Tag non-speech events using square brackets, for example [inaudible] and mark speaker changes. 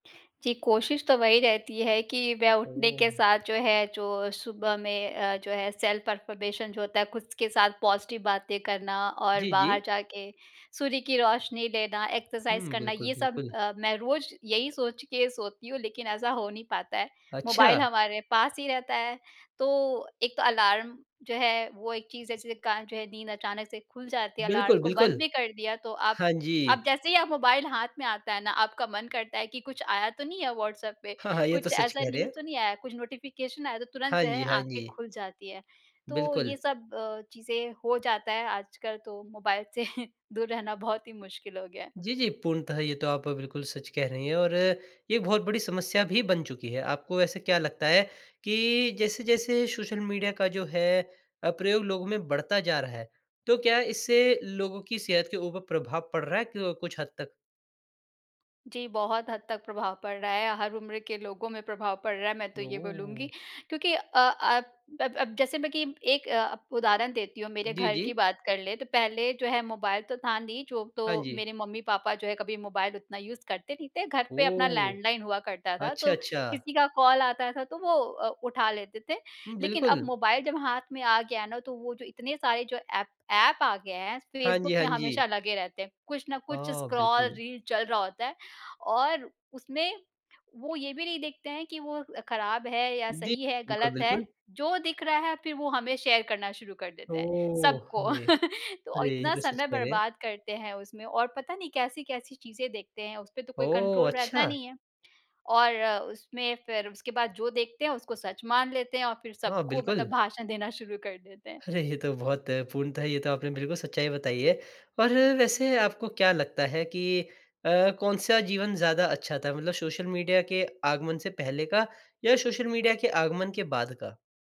Speaker 1: जी, कोशिश तो वही रहती है कि मैं उठने के
Speaker 2: ओह!
Speaker 1: साथ, जो है, जो सुबह में अ, जो है, सेल्फ़-अफ़र्मेशन जो होता है, खुद के साथ पॉज़िटिव बातें करना और
Speaker 2: जी,
Speaker 1: बाहर
Speaker 2: जी।
Speaker 1: जाके सूर्य की रोशनी लेना, एक्सरसाइज़
Speaker 2: हुँ,
Speaker 1: करना,
Speaker 2: बिल्कुल,
Speaker 1: ये सब
Speaker 2: बिल्कुल।
Speaker 1: अ, मैं रोज़ यही सोच के सोती हूँ, लेकिन ऐसा हो नहीं पाता है। मोबाइल
Speaker 2: अच्छा।
Speaker 1: हमारे पास ही रहता है, तो एक तो अलार्म जो है, वो एक चीज़, जिसके कारण, जो है, नींद अचानक से खुल जाती है। अलार्म
Speaker 2: बिल्कुल,
Speaker 1: को बंद
Speaker 2: बिल्कुल।
Speaker 1: भी कर दिया, तो आप
Speaker 2: हाँ
Speaker 1: आप
Speaker 2: जी।
Speaker 1: जैसे ही आप मोबाइल हाथ में आता है ना, आपका मन करता है कि, "कुछ आया तो नहीं है व्हाट्सऍप पे?
Speaker 2: हाँ, हाँ, ये तो
Speaker 1: कुछ
Speaker 2: सच
Speaker 1: ऐसा
Speaker 2: कह रहे
Speaker 1: न्यूज़
Speaker 2: हैं।
Speaker 1: तो नहीं आया?" कुछ नोटिफ़िकेशन आया, तो तुरंत,
Speaker 2: हाँ
Speaker 1: जो है,
Speaker 2: जी, हाँ
Speaker 1: आँखें
Speaker 2: जी।
Speaker 1: खुल जाती हैं। तो
Speaker 2: बिल्कुल।
Speaker 1: ये सब अ, चीज़ें हो जाता है आजकल। तो मोबाइल से दूर रहना बहुत ही मुश्किल हो गया है।
Speaker 2: जी, जी, पूर्णतः ये तो आप बिल्कुल सच कह रही हैं और ये बहुत बड़ी समस्या भी बन चुकी है। आपको वैसे क्या लगता है कि जैसे-जैसे सोशल मीडिया का, जो है अ, प्रयोग लोगों में बढ़ता जा रहा है, तो क्या इससे लोगों की सेहत के ऊपर प्रभाव पड़ रहा है क कुछ हद तक?
Speaker 1: जी, बहुत हद तक प्रभाव पड़ रहा है या हर उम्र के लोगों में प्रभाव पड़ रहा है, मैं तो ये बोलूँगी।
Speaker 2: ओह!
Speaker 1: क्योंकि अ अ, अब अब जैसे मैं कि एक अ, अब उदाहरण देती हूँ, मेरे
Speaker 2: जी,
Speaker 1: घर की
Speaker 2: जी।
Speaker 1: बात कर लें, तो पहले जो है, मोबाइल तो था नहीं, जो
Speaker 2: हाँ
Speaker 1: तो
Speaker 2: जी।
Speaker 1: मेरे मम्मी-पापा जो है, कभी मोबाइल उतना यूज़ करते नहीं थे, घर पे अपना
Speaker 2: ओह!
Speaker 1: लैंडलाइन हुआ करता था,
Speaker 2: अच्छा,
Speaker 1: तो
Speaker 2: अच्छा।
Speaker 1: किसी का कॉल आता था, तो वो अ, उठा लेते थे।
Speaker 2: हुँ,
Speaker 1: लेकिन अब
Speaker 2: बिल्कुल।
Speaker 1: मोबाइल जब हाथ में आ गया ना, तो वो जो इतने सारे जो एप एप आ गए हैं,
Speaker 2: हाँ
Speaker 1: फेसबुक
Speaker 2: जी, हाँ
Speaker 1: में हमेशा
Speaker 2: जी।
Speaker 1: लगे रहते हैं। कुछ ना कुछ
Speaker 2: हाँ,
Speaker 1: स्क्रॉल
Speaker 2: बिल्कुल।
Speaker 1: रील चल रहा होता है, और उसमें वो ये भी नहीं देखते हैं कि वो अ, खराब है या
Speaker 2: जी,
Speaker 1: सही है या
Speaker 2: बिल्कुल,
Speaker 1: गलत है।
Speaker 2: बिल्कुल।
Speaker 1: जो दिख रहा है, फिर वो हमें शेयर करना शुरू कर देते हैं,
Speaker 2: ओह!
Speaker 1: सबको।
Speaker 2: अरे!
Speaker 1: [laughs] तो
Speaker 2: अरे! ये
Speaker 1: इतना
Speaker 2: तो सच
Speaker 1: समय
Speaker 2: कह रहे हैं।
Speaker 1: बर्बाद करते हैं उसमें, और पता नहीं, कैसी-कैसी चीज़ें देखते हैं, उसपे तो कोई
Speaker 2: ओह!
Speaker 1: कंट्रोल रहता
Speaker 2: अच्छा!
Speaker 1: नहीं है। और उसमें फिर उसके बाद जो देखते हैं, उसको सच मान लेते हैं और फिर
Speaker 2: हाँ,
Speaker 1: सबको
Speaker 2: बिल्कुल।
Speaker 1: मतलब भाषण देना शुरू कर देते हैं।
Speaker 2: अरे! ये तो बहुत पूर्णतः ये तो आपने बिल्कुल सच्चाई बताई है। पर वैसे आपको क्या लगता है कि अ, कौन-सा जीवन ज़्यादा अच्छा था मतलब सोशल मीडिया के आगमन से पहले का, या सोशल मीडिया के आगमन के बाद का?